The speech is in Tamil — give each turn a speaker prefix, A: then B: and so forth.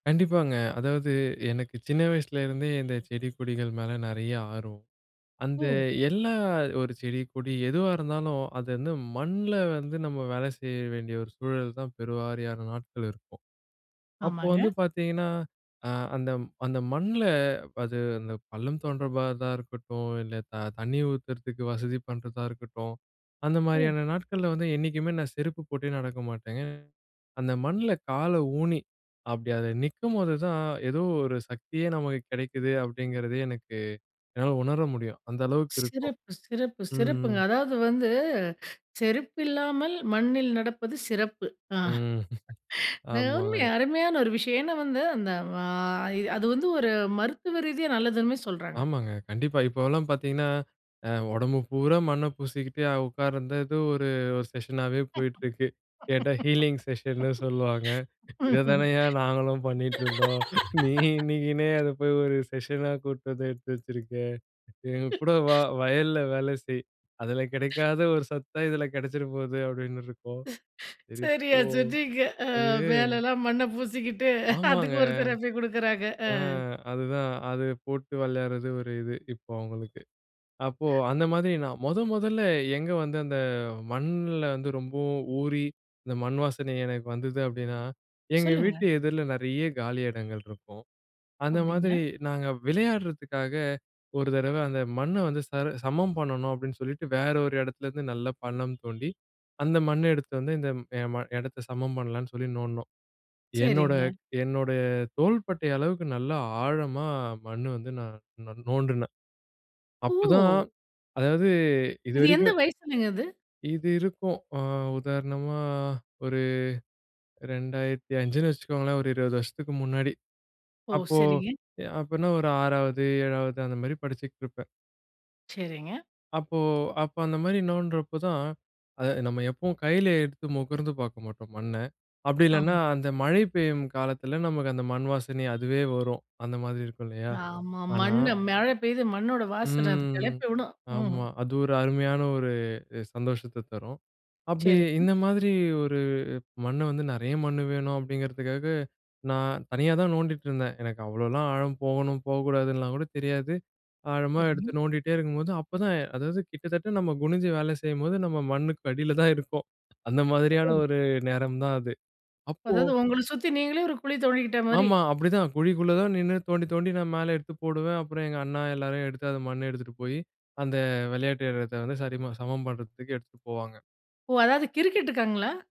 A: கண்டிப்பாங்க. அதாவது எனக்கு சின்ன வயசுலருந்தே இந்த செடி கொடிகள் மேல நெறைய ஆர்வம். அந்த
B: ஓ!
A: எல்லா ஒரு செடி கொடி எதுவா இருந்தாலும், அது வந்து மண்ல வந்து நம்ம வேல செய்ய வேண்டிய ஒரு சூழல் தான் பெருவாரியான நாட்கள் இருக்கும். அப்போ வந்து
B: ஆமாங்க.
A: பார்த்தீங்கன்னா, அ அந்த அந்த மண்ல அது அந்த பள்ளம் தோன்றபா தான் இருக்கட்டும், இல்ல த தண்ணி ஊத்துறதுக்கு வசதி பண்றதா இருக்கட்டும், அந்த
B: ம்.
A: மாரியான நாட்கள்ல வந்து என்னைக்குமே நான் செருப்பு போட்டே நடக்க மாட்டேங்க. அந்த மண்ணுல காலை ஊணி அப்டி அது நிக்கும்போது தான் ஏதோ ஒரு சக்தியே நமக்கு கெடைக்குது அப்படிங்கிறதே எனக்கு என்னால உணர முடியும். அந்த அளவுக்கு இருக்கும்.
B: சிறப்பு! சிறப்பு!
A: ம்.
B: சிறப்புங்க! அதாவது வந்து செருப்பு இல்லாமல் மண்ணில் நடப்பது சிறப்பு. ஆ.
A: ம்,
B: அருமை!
A: ஆமாங்க.
B: அருமையான ஒரு விஷயம். ஏன்னா வந்து அந்த வாய் அது வந்து ஒரு மருத்துவ ரீதியா நல்லதுன்னு சொல்றாங்க.
A: ஆமாங்க, கண்டிப்பா. இப்போலாம் பார்த்தீங்கன்னா, அ உடம்பு பூர மண்ணை பூசிக்கிட்டு உட்கார்ந்தது ஒரு ஒரு செக்ஷனாவே போயிட்டிருக்கு. கேட்டா ஹீலிங் செக்ஷன்னு சொல்லுவாங்க. இத தானயா நாங்களும் பண்ணிட்டுருந்தோம். நீ இன்னைக்கின்னே அத போய் ஒரு செக்ஷனா கூட்டு வந்து எடுத்து வச்சுருக்கே. எங்க கூட வா, வயல்ல வேலை செய் அதில கெடைக்காத ஒரு சத்தா இதில கெடைச்சிர்ற போகுது அப்டின்னு இருக்கும். சரி
B: சரியா
A: போ.
B: சொன்னிங்க, அ.
A: அது
B: மேலல்லாம் மண்ணை பூசிக்கிட்டு
A: ஆமாங்க.
B: அதுக்கு ஒருத்தர போய் குடுக்குறாங்க. அ.
A: ஆ அதுதான் அது போட்டு வெளையாட்றது ஒரு இது, இப்போ அவங்களுக்கு. அப்போ அந்த மாதிரி நான் மொத மொதல்ல எங்கே வந்து அந்த மண்ல வந்து ரொம்பவும் ஊறி இந்த மண் வாசனை எனக்கு வந்தது அப்டின்னா, எங்க
B: சொல்லுங்க.
A: வீட்டு எதிரில நெறைய காலி இடங்கள் இருக்கும். அந்த
B: அப்டிங்களா?
A: மாதிரி நாங்க விளையாடுறதுக்காக ஒரு தடவை அந்த மண்ணை வந்து சர் சமம் பண்ணணும் அப்டின்னு சொல்லிட்டு, வேற ஒரு இடத்துலருந்து நல்ல பள்ளம் தோண்டி அந்த மண்ணை எடுத்து வந்து இந்த எ ம இடத்தை சமம் பண்ணலான்னு சொல்லி நோண்டுனோம். என்னோட
B: சரிங்க.
A: என்னுடைய தோள்பட்டை அளவுக்கு நல்லா ஆழமா மண்ணு வந்து நான் நோண்டுனேன், அப்ப தான்
B: ஓ!
A: அதாவது
B: இது எந்த
A: இதுவரைக்கும்
B: வயசுலங்க இது?
A: இது இருக்கும். அ உதாரணமா ஒரு 2005ன்னு வச்சுக்கோங்களேன். ஒரு 20 வருஷத்துக்கு முன்னாடி.
B: ஓ!
A: அப்போ
B: சரிங்க.
A: எ அப்பன்னா ஒரு 6வது, 7வது அந்த மாரி படிச்சிட்ருப்பேன்.
B: சரிங்க.
A: அப்போ, அப்ப அந்த மாரி நோண்டுறப்ப தான், அத நம்ம எப்பவும் கையில எடுத்து முகர்ந்து பார்க்க மாட்டோம் மண்ணை. அப்டி இல்லைனா
B: ஆமா.
A: அந்த மழை பெய்யும் காலத்தில நமக்கு அந்த மண் வாசனை அதுவே வரும். அந்த மாதிரி இருக்கும் இல்லையா?
B: ஆமா.
A: ஆனா
B: மண்ணு மழை பெய்து மண்ணோட வாசன அது
A: ம்,
B: கெளப்பி விடும். ம்.
A: ஆமா. அது ஒரு அருமையான ஒரு சந்தோஷத்த தரும். அப்டி
B: சரிங்க.
A: இந்த மாதிரி ஒரு மண்ணு வந்து நெறைய மண்ணு வேணும் அப்டிங்கிறதுக்காக நான் தனியா தான் நோண்டிட்டு இருந்தேன். எனக்கு அவ்ளோலாம் ஆழம் போகணும் போகக்கூடாதுன்னுலாம் கூட தெரியாது. ஆழமா
B: சரிங்க.
A: எடுத்து நோண்டிகிட்டே இருக்கும்போது அப்பதான் அதாவது கிட்டத்தட்ட நம்ம குனிஞ்சு வேலை செய்யும்போது நம்ம மண்ணுக்கு அடியில தான் இருக்கோம். அந்த மாதிரியான
B: ஓ!
A: ஒரு நேரம் தான் அது. அப்போ
B: அதாவது உங்கள சுத்தி நீங்களே ஒரு குழி தோண்டிகிட்ட மாரி.
A: ஆமா. அப்டிதான் குழிக்குள்ளே தான் நின்னு தோண்டி தோண்டி நான் மேலே எடுத்து போடுவேன், அப்புறம் எங்க அண்ணா எல்லாரையும் எடுத்து அந்த மண்ணை எடுத்துகிட்டு போயி, அந்த வெளையாட்டு எடத்தை வந்து சரிம சமம் பண்றதுக்கு எடுத்துகிட்டு போவாங்க.
B: ஓ! அதாவது கிரிக்கெட் காங்களா?